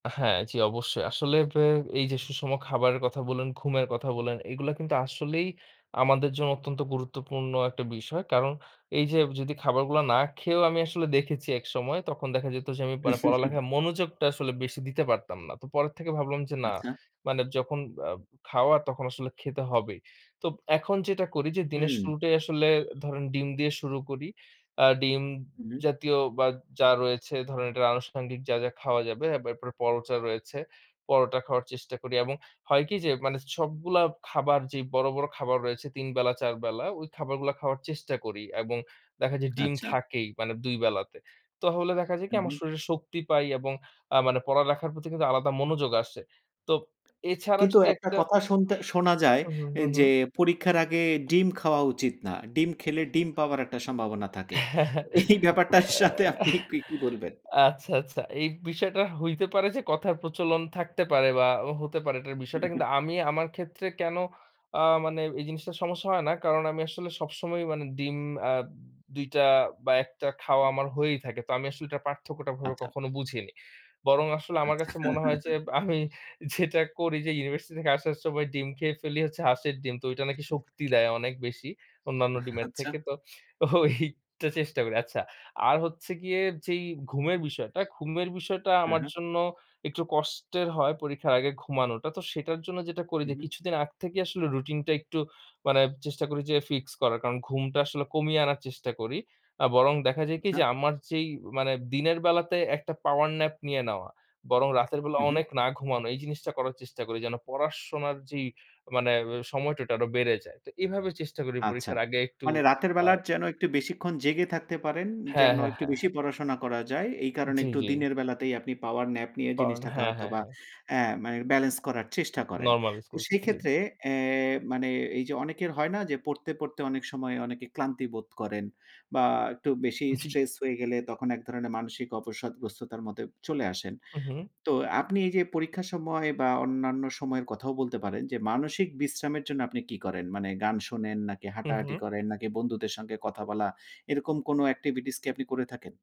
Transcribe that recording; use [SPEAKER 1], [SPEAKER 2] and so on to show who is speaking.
[SPEAKER 1] হ্যাঁ, জি, অবশ্যই। আসলে আ এই যে সুষম খাবারের কথা বললেন, ঘুমের কথা বললেন এগুলা কিন্তু আসলেই আমাদের জন্য অত্যন্ত গুরুত্বপূর্ণ একটা বিষয়। কারণ এই যে যদি খাবারগুলা না খেয়েও আমি আসলে দেখেছি একসময় তখন দেখা যেত যে, আমি মানে পড়ালেখার মনোযোগটা আসলে বেশি দিতে পারতাম না। তো পরের থেকে ভাবলাম যে না।
[SPEAKER 2] আচ্ছা।
[SPEAKER 1] মানে যখন আ খাওয়া তখন আসলে খেতে হবেই। তো এখন যেটা করি যে দিনের
[SPEAKER 2] হুম।
[SPEAKER 1] শুরুটাই আসলে ধরেন ডিম দিয়ে শুরু করি। আ ডিম
[SPEAKER 2] হুম।
[SPEAKER 1] জাতীয় বা যা রয়েছে ধরেন এটা আনুষাঙ্গিক যা, যা খাওয়া যাবে এরপরে পরোটা রয়েছে। পরোটা খাওয়ার চেষ্টা করি এবং হয় কি যে মানে সবগুলা খাবার যেই বড়, বড় খাবার রয়েছে ৩ তিন বেলা ৪ বেলা ওই খাবারগুলা খাওয়ার চেষ্টা করি এবং দেখা যায় ডিম
[SPEAKER 2] আচ্ছা।
[SPEAKER 1] থাকেই মানে ২ বেলাতে। তাহলে দেখা যায় কি
[SPEAKER 2] হু,
[SPEAKER 1] আমার
[SPEAKER 2] হু।
[SPEAKER 1] শরীরে শক্তি পাই এবং আ মানে পড়ালেখার প্রতি কিন্তু আলাদা মনোযোগ আসে। তো এছাড়া
[SPEAKER 2] কিন্তু
[SPEAKER 1] যদি
[SPEAKER 2] একটা
[SPEAKER 1] একটা।
[SPEAKER 2] কথা শুনতে শোনা যায়
[SPEAKER 1] হুম, হুম, হুম,
[SPEAKER 2] যে,
[SPEAKER 1] হুম।
[SPEAKER 2] পরীক্ষার আগে ডিম খাওয়া উচিত না। ডিম খেলে ডিম পাওয়ার একটা সম্ভাবনা থাকে।
[SPEAKER 1] আ
[SPEAKER 2] এই ব্যাপারটার সাথে আপনি কি বলবেন?
[SPEAKER 1] আচ্ছা, আচ্ছা। এই বিষয়টা হইতে পারে যে কথার প্রচলন থাকতে পারে বা হতে পারে এটার বিষয়টা কিন্তু আমি আমার ক্ষেত্রে কেন আ মানে এই জিনিসটার সমস্যা হয় না। কারণ আমি আসলে সবসময় মানে ডিম আ ২ টা বা ১ টা খাওয়া আমার হয়েই থাকে। তো আমি আসলে এটার পার্থক্যটাভাবে
[SPEAKER 2] আচ্ছা।
[SPEAKER 1] কখনো বুঝিনি। বরং আসলে আমার
[SPEAKER 2] আচ্ছা।
[SPEAKER 1] কাছে মনে হয় যে, আমি যেটা করি যে ইউনিভার্সিটি থেকে আসার সময় ডিম খেয়ে ফেলি হচ্ছে হাঁসের ডিম। তো ঐটা নাকি শক্তি দেয় অনেক বেশি। অন্যান্য ডিমের
[SPEAKER 2] আচ্ছা।
[SPEAKER 1] থেকে। তো তো এইটা চেষ্টা করি। আচ্ছা। আর হচ্ছে গিয়ে যেই ঘুমের বিষয়টা, ঘুমের বিষয়টা
[SPEAKER 2] হ্যাঁ,
[SPEAKER 1] আমার
[SPEAKER 2] হ্যাঁ।
[SPEAKER 1] জন্য একটু কষ্টের হয় পরীক্ষার আগে ঘুমানোটা। তো সেটার জন্য যেটা করি
[SPEAKER 2] হু,
[SPEAKER 1] যে,
[SPEAKER 2] হু।
[SPEAKER 1] কিছুদিন আগ থেকেই আসলে রুটিন টা একটু মানে চেষ্টা করি যে ফিক্স করার। কারণ ঘুমটা আসলে কমিয়ে আনার চেষ্টা করি। আ বরং দেখা যায় কি
[SPEAKER 2] আচ্ছা।
[SPEAKER 1] যে, আমার যেই মানে দিনের বেলাতে একটা পাওয়ার ন্যাপ নিয়ে নেওয়া, বরং রাতের বেলা
[SPEAKER 2] হু, হু।
[SPEAKER 1] অনেক না ঘুমানো এই জিনিসটা করার চেষ্টা করি, যেন পড়াশোনার যেই মানে সময়টা আরো বেড়ে যায়। তো এভাবে চেষ্টা করি
[SPEAKER 2] আচ্ছা।
[SPEAKER 1] পরীক্ষার আগে একটু
[SPEAKER 2] মানে রাতের
[SPEAKER 1] আ
[SPEAKER 2] বেলার যেন একটু বেশিক্ষণ জেগে থাকতে পারেন,
[SPEAKER 1] হ্যাঁ,
[SPEAKER 2] যেন
[SPEAKER 1] হ্যাঁ,
[SPEAKER 2] একটু
[SPEAKER 1] হ্যাঁ।
[SPEAKER 2] বেশি পড়াশোনা করা যায়। এই কারণে
[SPEAKER 1] জি,
[SPEAKER 2] একটু
[SPEAKER 1] জি।
[SPEAKER 2] দিনের বেলাতেই আপনি পাওয়ার ন্যাপ নিয়ে
[SPEAKER 1] কারণ।
[SPEAKER 2] জিনিসটাকে
[SPEAKER 1] হ্যাঁ,
[SPEAKER 2] হয়তো
[SPEAKER 1] হ্যাঁ,
[SPEAKER 2] বা
[SPEAKER 1] হ্যাঁ।
[SPEAKER 2] আ মানে বেলেন্স করার চেষ্টা করেন।
[SPEAKER 1] নরমালাইজ
[SPEAKER 2] তো
[SPEAKER 1] করছি। জি।
[SPEAKER 2] সেক্ষেত্রে আ মানে এই যে অনেকের হয় না যে, পড়তে, পড়তে অনেক সময় অনেকে ক্লান্তি বোধ করেন বা একটু বেশি
[SPEAKER 1] জি।
[SPEAKER 2] স্ট্রেস হয়ে গেলে তখন এক ধরনের মানসিক অবসাদগ্রস্ততার মতো চলে আসেন।
[SPEAKER 1] হু, হু।
[SPEAKER 2] তো আপনি এই যে পরীক্ষার সময় বা অন্যান্য সময়ের কথাও বলতে পারেন। যে মানসিক বিশ্রামের জন্য আপনি কি করেন? মানে গান শোনেন নাকি
[SPEAKER 1] হু,
[SPEAKER 2] হাঁটাহাঁটি
[SPEAKER 1] হু।
[SPEAKER 2] করেন? নাকি বন্ধুদের সাথে কথা বলা, এরকম কোনো এক্টিভিটিস কি আপনি করে থাকেন?